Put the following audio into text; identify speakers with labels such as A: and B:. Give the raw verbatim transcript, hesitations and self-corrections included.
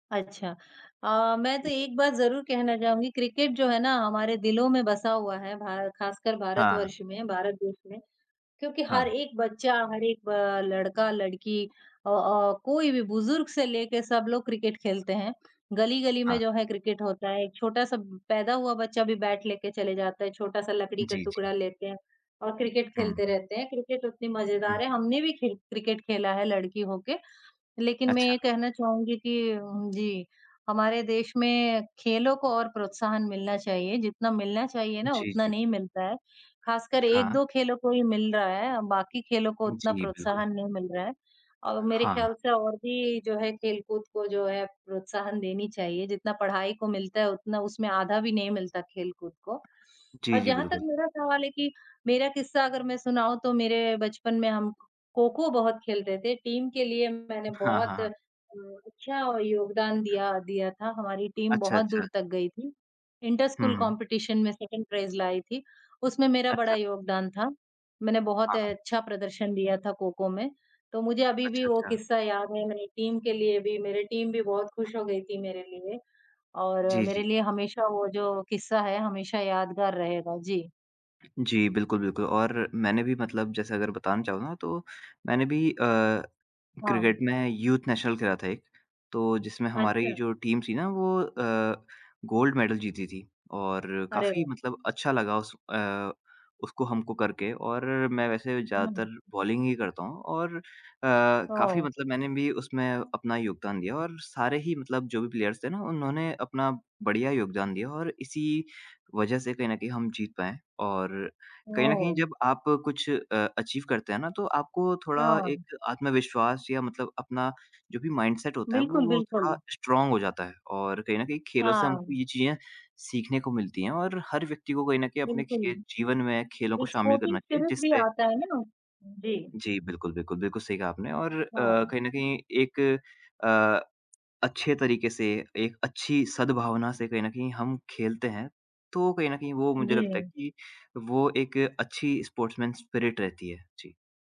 A: अच्छा। अ, मैं तो
B: जी।
A: एक बात ज़रूर कहना चाहूँगी। क्रिकेट जो है ना, हमारे दिलों में बसा हुआ है, भार ख़ासकर
B: हाँ।
A: भारतवर्ष में, भारत देश में क्योंकि हर
B: हाँ।
A: एक बच्चा, हर एक अ, लड़का, लड़की अ अ, कोई भी बुजुर्ग से लेके, सब लोग क्रिकेट खेलते हैं। गली-गली में
B: हाँ।
A: जो है क्रिकेट होता है। एक छोटा-सा पैदा हुआ बच्चा भी, बैट लेकर चले जाता है। छोटा-सा लकड़ी का
B: जी,
A: टुकड़ा
B: जी।
A: लेते हैं और क्रिकेट खेलते
B: हुँ।
A: रहते हैं। क्रिकेट उतनी
B: हुँ
A: मजेदार है,
B: हुँ।
A: हमने भी खेल क्रिकेट खेला है लड़की होके। लेकिन मैं
B: अच्छा।
A: ये कहना चाहूँगी कि उम, जी, हमारे देश में खेलों को और प्रोत्साहन मिलना चाहिए। जितना मिलना चाहिए ना
B: जी,
A: उतना
B: जी।
A: नहीं मिलता है, खासकर एक
B: हाँ।
A: दो खेलों को ही मिल रहा है, बाकी खेलों को उतना
B: जी, बिल्कुल।
A: प्रोत्साहन नहीं मिल रहा है और मेरे
B: हाँ।
A: ख्याल से और भी जो है खेल-कूद को जो है प्रोत्साहन देनी चाहिए। जितना पढ़ाई को मिलता है, उतना उसमें आधा भी नहीं मिलता खेल-कूद को
B: जी,
A: और
B: जी
A: जहाँ तक
B: बिल्कुल।
A: मेरा सवाल है कि मेरा किस्सा अगर मैं सुनाऊँ, तो मेरे बचपन में हम खो-खो बहुत खेलते थे। टीम के लिए मैंने
B: हाँ, हाँ,
A: बहुत अ,
B: हाँ।
A: अच्छा योगदान दिया दिया था, हमारी टीम
B: अच्छा,
A: बहुत
B: अच्छा।
A: दूर तक गई थी। इंटर
B: हुँ,
A: स्कूल
B: हुँ।
A: कम्पीटीशन में सेकंड प्राइज़ लाई थी, उसमें मेरा बड़ा
B: अच्छा।
A: योगदान था। मैंने बहुत
B: हाँ,
A: अ,
B: हाँ।
A: अच्छा प्रदर्शन दिया था खो-खो में। तो मुझे अभी भी
B: अच्छा,
A: वो
B: अच्छा।
A: किस्सा याद है, मेरी टीम के लिए भी। मेरी टीम भी बहुत खुश हो गई थी मेरे लिए और
B: जी,
A: मेरे
B: जी।
A: लिए हमेशा वो जो किस्सा है, हमेशा यादगार रहेगा। जी।
B: जी बिल्कुल, बिल्कुल और मैंने भी मतलब जैसे अगर बतान चाहूँ ना, तो मैंने भी अ, क्रिकेट
A: हाँ।
B: में यूथ नेशनल खेला था एक। तो जिसमें हमारी
A: अच्छा।
B: जो टीम थी ना वो अ, गोल्ड मेडल जीती थी और
A: अरे
B: काफ़ी
A: वाह!
B: मतलब अच्छा लगा उस अ, उसको हमको करके और मैं वैसे
A: हुँ।
B: ज़्यादातर बॉलिंग ही करता हूँ और अ, काफ़ी
A: ओह!
B: मतलब मैंने भी उसमें अपना योगदान दिया और सारे ही मतलब जो भी प्लेयर्स थे ना उन्होंने अपना बढ़िया योगदान दिया और इसी वजह से कहीं न कहीं हम जीत पाए और कहीं न कहीं
A: ओह!
B: जब आप कुछ अ, अचीव करते हैं ना, तो आपको थोड़ा
A: हाँ।
B: एक आत्मविश्वास या मतलब अपना जो भी माइंड-सेट होता है वो
A: बिल्कुल,
B: वो
A: बिल्कुल।
B: थोड़ा स्ट्रॉन्ग हो जाता है और कहीं न कहीं खेलों से हमको
A: हाँ।
B: ये चीज़ें सीखने को मिलती हैं और हर व्यक्ति को कहीं न कहीं अपने
A: बिल्कुल।
B: खे जीवन में खेलों को
A: एक
B: शामिल
A: स्पोर्टिंग
B: करना चाहिए।
A: स्पिरिट भी
B: जिससे
A: आता है ना। जी।
B: जी। बिल्कुल, बिल्कुल। बिल्कुल सही कहा आपने और अ,
A: हाँ।
B: कहीं न कहीं एक अ, अच्छे तरीके से एक अच्छी सद्भावना से कहीं न कहीं हम खेलते हैं। तो कहीं न कहीं वो मुझे लगता है
A: जी।
B: कि वो एक अच्छी स्पोर्ट्समैन स्पिरिट रहती है। जी।